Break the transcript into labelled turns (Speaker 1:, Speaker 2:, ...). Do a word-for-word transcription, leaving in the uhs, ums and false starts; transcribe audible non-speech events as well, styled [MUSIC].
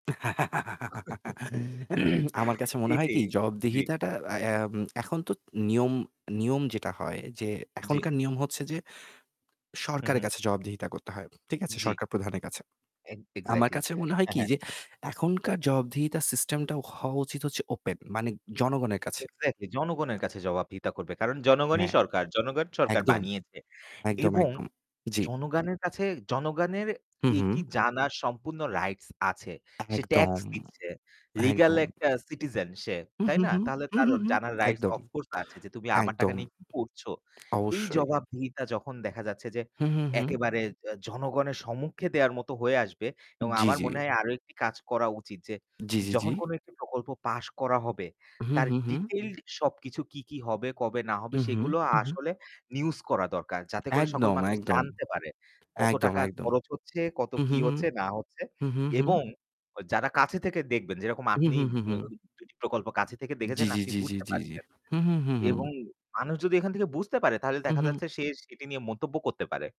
Speaker 1: [LAUGHS] [CLEARS THROAT] আমার
Speaker 2: [CHUCKLES]
Speaker 1: কাছে মনে হয়
Speaker 2: এটি,
Speaker 1: কি
Speaker 2: জি।
Speaker 1: জবাবদিহিতাটা আ এম এখন তো নিয়ম নিয়ম যেটা হয় যে
Speaker 2: জি।
Speaker 1: এখনকার নিয়ম হচ্ছে যে
Speaker 2: হুম,
Speaker 1: সরকারের
Speaker 2: হুম।
Speaker 1: কাছে জবাবদিহিতা করতে হয়। ঠিক আছে?
Speaker 2: জি।
Speaker 1: সরকার প্রধানের কাছে।
Speaker 2: এগ
Speaker 1: আমার
Speaker 2: এক্স্যাক্টলি।
Speaker 1: কাছে মনে হয়
Speaker 2: হ্যাঁ,
Speaker 1: কি
Speaker 2: হ্যাঁ।
Speaker 1: যে এখনকার জবাবদিহিতা সিস্টেমটা হওয়া উচিত হচ্ছে ওপেন, মানে জনগণের কাছে।
Speaker 2: এক্স্যাক্টলি। জনগণের কাছে জবাবদিহিতা করবে কারণ জনগণই
Speaker 1: হ্যাঁ,
Speaker 2: সরকার। জনগণ সরকার
Speaker 1: একদম,
Speaker 2: বানিয়েছে
Speaker 1: একদম,
Speaker 2: এবং
Speaker 1: একদম। জি।
Speaker 2: জনগানের কাছে জনগানের
Speaker 1: হুম,
Speaker 2: এটি
Speaker 1: হুম।
Speaker 2: জানার সম্পূর্ণ রাইটস আছে। সে ট্যাক্স
Speaker 1: একদম,
Speaker 2: দিচ্ছে। লিগাল
Speaker 1: একদম।
Speaker 2: একটা সিটিজেন সে,
Speaker 1: হুম,
Speaker 2: তাই
Speaker 1: হুম,
Speaker 2: না?
Speaker 1: হুম।
Speaker 2: তাহলে
Speaker 1: হুম,
Speaker 2: তার
Speaker 1: হুম, হুম।
Speaker 2: জানার রাইটস
Speaker 1: একদম,
Speaker 2: অফকোর্স আছে যে, "তুমি আমার টাকা
Speaker 1: একদম।
Speaker 2: নিয়ে কি করছো।" এই
Speaker 1: অবশ্যই।
Speaker 2: জবাবদিহিতা যখন দেখা যাচ্ছে যে
Speaker 1: হুম, হুম, হুম।
Speaker 2: একেবারে অ্যা জনগণের সম্মুখে দেওয়ার মতো হয়ে আসবে
Speaker 1: উম
Speaker 2: এবং
Speaker 1: জি,
Speaker 2: আমার
Speaker 1: জি।
Speaker 2: মনে হয় আরও একটি কাজ করা উচিত যে,
Speaker 1: জি, জি, জি।
Speaker 2: যখন কোন একটি প্রকল্প পাস করা হবে
Speaker 1: হুম,
Speaker 2: তার
Speaker 1: হুম, হুম।
Speaker 2: ডিটেইলড সবকিছু কী, কী হবে, কবে না হবে
Speaker 1: হুম, হুম,
Speaker 2: সেগুলো
Speaker 1: হুম, হুম।
Speaker 2: আসলে news করা দরকার। যাতে করে সকল
Speaker 1: একদম,
Speaker 2: মানুষ
Speaker 1: একদম।
Speaker 2: জানতে পারে কত
Speaker 1: একদম,
Speaker 2: টাকা
Speaker 1: একদম।
Speaker 2: খরচ হচ্ছে, কত
Speaker 1: হুম,
Speaker 2: কী
Speaker 1: হুম, হুম।
Speaker 2: হচ্ছে না হচ্ছে
Speaker 1: হুম, হুম, হুম।
Speaker 2: এবং যারা কাছে থেকে দেখবেন, যেরকম
Speaker 1: হুম,
Speaker 2: আপনি
Speaker 1: হুম, হুম,
Speaker 2: অ্যা
Speaker 1: হুম।
Speaker 2: একটি প্রকল্প কাছে থেকে
Speaker 1: জি,
Speaker 2: দেখেছেন,
Speaker 1: জি,
Speaker 2: আপনি
Speaker 1: জি, জি,
Speaker 2: বুঝতে
Speaker 1: জি, জি।
Speaker 2: পারছেন
Speaker 1: হুম, হুম, হুম, হুম।
Speaker 2: এবং মানুষ যদি এখান থেকে বুঝতে পারে তাহলে
Speaker 1: হুম,
Speaker 2: দেখা
Speaker 1: হুম।
Speaker 2: যাচ্ছে সে সেটি নিয়ে মন্তব্য করতে পারে।